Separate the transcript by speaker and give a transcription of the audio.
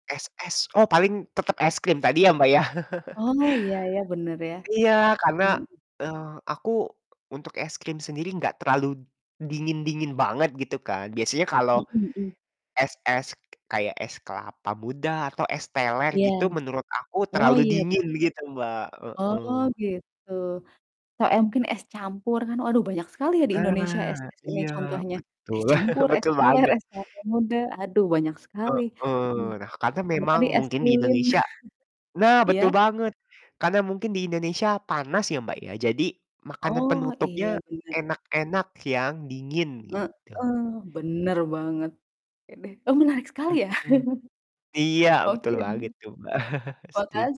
Speaker 1: Es-es, oh, paling tetep es krim tadi ya, Mbak, ya.
Speaker 2: Oh, iya iya, bener ya,
Speaker 1: Iya, karena,
Speaker 2: mhm.
Speaker 1: eee, aku untuk es krim sendiri gak terlalu dingin-dingin banget, gitu kan. Biasanya kalau
Speaker 2: Mhm mhm.
Speaker 1: es-es kayak es kelapa muda atau es teler
Speaker 2: Iya.
Speaker 1: gitu, menurut aku
Speaker 2: Oh,
Speaker 1: terlalu
Speaker 2: iya bener.
Speaker 1: dingin begitu, Mbak,
Speaker 2: Oh,
Speaker 1: heeh.
Speaker 2: gitu. Te m mungkin es campur kan, waduh, banyak sekali ya di Indonesia
Speaker 1: Nah,
Speaker 2: es-es ini
Speaker 1: iya,
Speaker 2: contohnya.
Speaker 1: betul,
Speaker 2: Es campur, es
Speaker 1: betul
Speaker 2: teler,
Speaker 1: banget.
Speaker 2: es kelapa muda, aduh, banyak sekali, iya.
Speaker 1: Heeh, nah, karena
Speaker 2: Sama
Speaker 1: memang
Speaker 2: tadi es
Speaker 1: mungkin di
Speaker 2: lilin.
Speaker 1: Indonesia nah,
Speaker 2: Iya?
Speaker 1: betul banget! Karena mungkin di Indonesia panas ya, Mbak, ya, jadi makanan
Speaker 2: Oh, iya,
Speaker 1: penutupnya
Speaker 2: bener.
Speaker 1: enak-enak yang dingin, gitu.
Speaker 2: Heeh, bener banget. Oke deh, oh, menarik sekali ya,
Speaker 1: Mhm, iya,
Speaker 2: oke,
Speaker 1: betul banget tuh, Mbak. Setuj
Speaker 2: makas